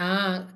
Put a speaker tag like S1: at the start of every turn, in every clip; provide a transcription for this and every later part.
S1: ஆ!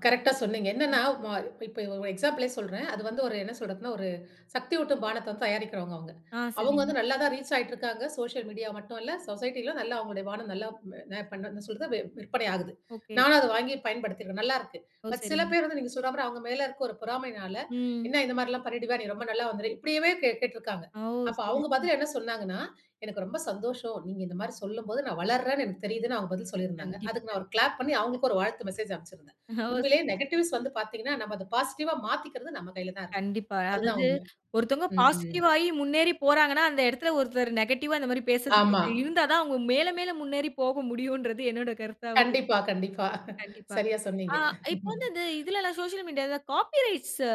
S1: கரெக்ட்டா சொன்னீங்க! என்னென்னா
S2: ம்.
S1: வ இப்ப, இப்ப ஒரு எக்ஸாம்பிளே சொல்றேன். அது
S2: ம்.
S1: வந்து ஒரு என்ன சொல்றதுன்னா, ஒரு சக்தியூட்டும் பானத்தைவந்து தயாரிக்கிறவுங்க அவுங்க.
S2: ஆ,
S1: அவுங்க
S2: சரிங்க!
S1: வந்து நல்லா தான் ரீச் ஆயிட்டு இருக்காங்க. சோஷியல் மீடியா மட்டும் இல்ல சொசைட்டிலும் நல்லா அவங்களுடைய பானம் நல்லா [unintelligible] பண்ண என்ன சொல்றது விற்பனை ஆகுது.
S2: ஒகே.
S1: நானும் அத வாங்கி பயன்படுத்தியிருக்கேன், நல்லாருக்கு.
S2: ஓ,
S1: பட், சில
S2: சரிங்க!
S1: பேர் வந்து நீங்க சொல்றமாரி அவுங்க மேலே இருக்க ஒரு பொறாமையினால,
S2: ம்.
S1: என்ன இந்த மாதிரிலாம் பண்ணிடுவியா? நீ ரொம்ப நல்ல வந்துருவியா இப்பிடியேவே கேட் கேட்டிருக்கிறாங்க.
S2: ஓ!
S1: அப்ப
S2: சரி,
S1: அவுங்க
S2: சரி.
S1: பதில் என்ன சொன்னாங்கனா, எனக்கு ரொம்ப சந்தோஷம். நீங்க இந்தமாரி சொல்லும் போது நான் வளருறேன்னு எனக்கு தெரியுதுன்னு அவுங்க பதில் சொல்லியிருந்தாங்க.
S2: கண்டிப்பா.
S1: அதுக்கு நான் ஒரு கிளாப் பண்ணி அவுங்ககளுக்கு ஒரு வாழ்த்து மெசேஜ் அனுப்பிச்சிருந்தேன்.
S2: ஓ, சரி.
S1: உண்மையிலேயே நெகட்டிவ்ஸ் வந்து பார்த்தீங்கனா, நம்ப அத பாசிட்டிவ்வா மாத்திக்கிறது நம்ம கையில தான் இருக்கு.
S2: கண்டிப்பா.
S1: அதுதான்
S2: அதாவது
S1: உண்ம.
S2: ஒருத்தவுங்க
S1: ம், ம்.
S2: பாசிட்டிவா ஆயி முன்னேறி போறாங்கன்னா, அந்த இடத்தில ஒருத்தர் நெகட்டிவா பேச [unintelligible]
S1: ஆமா.
S2: இருந்தா தான் அவுங்க மேல, மேல முன்னேறி போக முடியும்ன்றது என்னுடைய கருத்தாவும் இருக்கு.
S1: கண்டிப்பா, கண்டிப்பா.
S2: கண்டிப்பா!
S1: சரியா
S2: ஆ.
S1: சொன்னீங்க
S2: இப்ப வந்து இது இதுலலாம் சோசியல் மீடியாலலாம் காப்பி ரைட்ஸ் அ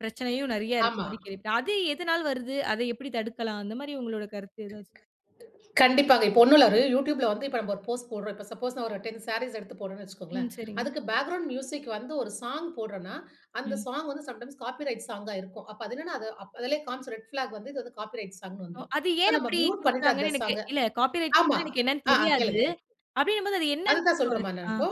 S2: பிரச்சனையும் நிறைய
S1: ஆமா.
S2: இருக்கிறமாரி கேள்விப்பட்டேன். அது எதனால் வருது? அத எப்பிடி தடுக்கலாம்? அந்தமாரி உங்களோட கருத்து எதாவது?
S1: கண்டிப்பாங்க. இப்ப 1 இல்ல ஒரு YouTube ல வந்து இப்ப நம்ம ஒரு போஸ்ட் போட்றோம். இப்ப சப்போஸ் ஒரு 10 சாரீஸ் எடுத்து போட்றேன்னு வச்சுகோங்களேன்!
S2: ம், சரிங்க.
S1: அதுக்கு பேக்கிரவுண்ட் மியூசிக் வந்து ஒரு சாங் போட்றன்னா, அந்த
S2: ம்.
S1: சாங் வந்து சம்டைம்ஸ் காப்பிரைட் சாங்கா இருக்கும். அப்ப அது என்னன்னா, அது அதிலேயே காண்பிச்சிரும். ரெட் ஃபிளாக் வந்து, இந்த இது காப்பிரைட் சாங்ன்னு
S2: ஓ!
S1: வந்திரும்.
S2: அது
S1: சோ,
S2: ஏன்
S1: நம்ம
S2: அப்பிடி
S1: மியூட் பண்ணிட்டு அந்த
S2: கொடுக்கிறாங்கன்னு எனக்கு
S1: சாங்க
S2: இல்ல காப்பி
S1: ஆமா!
S2: ரைட்னா எனக்கு என்னன்னு
S1: ஆ, ஆ
S2: தெரியாது.
S1: கேளுங்க.
S2: அப்பிடிங்கம்போது அது என்னன்னு
S1: அதுதான்
S2: [unintelligible]
S1: சொல்றேன்ம்மா!
S2: அ.
S1: நான் இப்போ.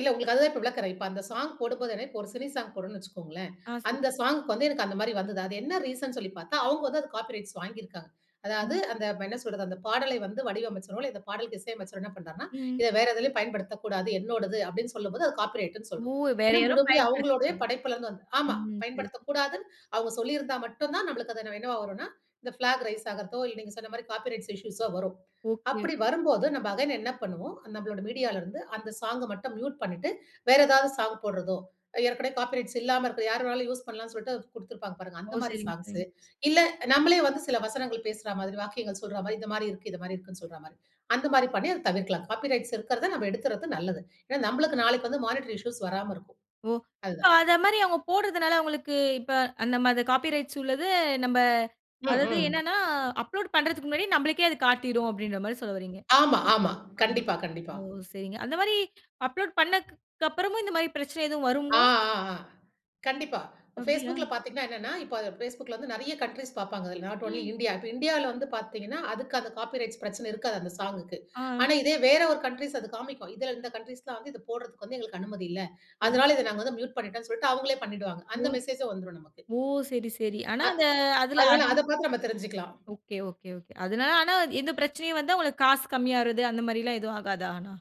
S1: இல்ல. உங்களுக்கு அதுதான் இப்ப விளக்குறேன். இப்ப அந்த சாங் போடும்போது [unintelligible] ஒரு சினி சாங் போடுறோன்னு வச்சுக்கோங்களேன்!
S2: ஆ, சொல்
S1: அந்த சாங்க்கு வந்து எனக்கு அந்தமாரி வந்தது. அது என்ன ரீசன்னு சொல்லி பார்த்தா, அவுங்க வந்து அது காப்பி ரைட்ஸ் வாங்கியிருக்காங்க. அதாவது
S2: ம்.
S1: அந்த என்ன சொல்றது, அந்த பாடலை வந்து வடிவமைச்சிரோம்ல. இந்த பாடலுக்கு இசையமைச்சவரு என்ன பண்றார்ன்னா,
S2: ம்.
S1: "இத வேற எதிலேயும் பயன்படுத்தக்கூடாது என்னோடது" அப்பிடின்னு சொல்லும்போது அது காப்பி ரைட்ன்னு
S2: ஓ!
S1: சொல்றோம்.
S2: வேற
S1: ஏன்னா
S2: யாரும்
S1: முழுமையா அவுங்களுடைய
S2: பயன்படுத்தக்கூடாது.
S1: படைப்பில இருந்து வந்த ஆமா.
S2: ம். சரி.
S1: பயன்படுத்தக்கூடாது. அவுங்க சொல்லியிருந்தா மட்டும் தான் நம்மளுக்கு அது என்னவா வருன்னா, இந்த ஃபிளாக் ரைஸ் ஆகுறதோ! இல்ல, நீங்க சொன்னமாரி காப்பி ரைட்ஸ் இஷ்யூஸ் ஓ வரும்.
S2: ஒகே!
S1: அப்பிடி வரும்போது நம்ம அகைன் என்ன பண்ணுவோம், நம்மளோட மீடியால இருந்து அந்த சாங்க மட்டும் மியூட் பண்ணிட்டு, வேற ஏதாவது சாங் போட்றதோ! ஏற்கனவே காப்பி ரைட்ஸ் இல்லாம இருக்கும் யாரு வேணாலும் யூஸ் பண்ணலாம் சொல்ட்டு அத கொடுத்திருப்பாங்க பாருங்க!
S2: ஓ!
S1: அந்தமாரி
S2: சரிங்க,
S1: சாங்ஸ்.
S2: சரிங்க.
S1: இல்ல நம்மளே வந்து சில வசனங்கள் பேசுறா மாதிரி, வாக்கியங்கள் சொல்ற மாதிரி, இந்தமாரி இருக்கு, இந்தமாரி இருக்குன்னு சொல்றமாரி. அந்தமாரி பண்ணி அத தவிர்க்கலாம். காப்பி ரைட்ஸ் இருக்கிறத நம்ம எடுத்துறது நல்லது. ஏன்னா, நம்மளுக்கு நாளைக்கு வந்து மானிட்டரி இஷ்யூஸ் வராம இருக்கும்.
S2: ஓ!
S1: அது
S2: இப்ப
S1: தான்.
S2: அதமாரி அவுங்க போடுறதுனால அவுங்களுக்கு இப்ப அந்தமாரி காப்பி ரைட்ஸ் உள்ளது நம்ப
S1: ம்,
S2: அதாது
S1: ம்.
S2: என்னன்னா, அப்லோட் பண்றதுக்கு முன்னாடி நம்மளுக்கே அது காட்டிரும் அப்பிடின்றமாரி சொல்ல வர்றீங்க!
S1: ஆமா, ஆமா.
S2: ஆமா.
S1: கண்டிப்பா, கண்டிப்பா.
S2: ஓ! சரிங்க அந்தமாரி அப்லோட் பண்ணதுக்கு அப்புறமும் இந்தமாரி பிரச்சனை எதுவும்
S1: ஆ,
S2: வருமோ?
S1: ஆ, ஆ, கண்டிப்பா.
S2: அப்பிடியா?
S1: Facebookல பார்த்தீங்கனா என்னனா, இப்ப அத Facebookல வந்து நிறைய கன்ட்ரீஸ் பார்ப்பாங்க. அதில் நாட் ஒன்லி
S2: ம்.
S1: இந்தியா இப்ப இந்தியால வந்து பார்த்தீங்கனா அதுக்கு அந்த காப்பி ரைட்ஸ் பிரச்சனை இருக்காது அந்த சாங்க்கு.
S2: ஆ.
S1: ஆனா, இதே வேற ஒரு கன்ட்ரீஸ் அது காண்பிக்கும். இதில இந்த கன்ட்ரீஸ்லாம் வந்து இத போட்றதுக்கு வந்து எங்களுக்கு அனுமதி இல்ல.
S2: ஓ!
S1: அதனால இதை நாங்க வந்து மியூட் பண்ணிட்டோன்னு சொல்லிட்டு அவுங்களே பண்ணிவிடுவாங்க.
S2: ஓ!
S1: அந்த மெசேஜூம் வந்துரும், நமக்கு.
S2: ஓ! சரி, சரி. ஆனா
S1: அ
S2: அத அதில,
S1: அதனால
S2: அதுல
S1: அத பார்த்து நம்ம தெரிஞ்சிக்கலாம்.
S2: ஒகே! ஒகே! ஒகே. அதனால ஆனா எந்த பிரச்சனையும் வந்தா உங்களுக்கு காசு கம்மி ஆகுறது அந்தமாரிலாம் எதுவும் ஆகாதா ஆனா?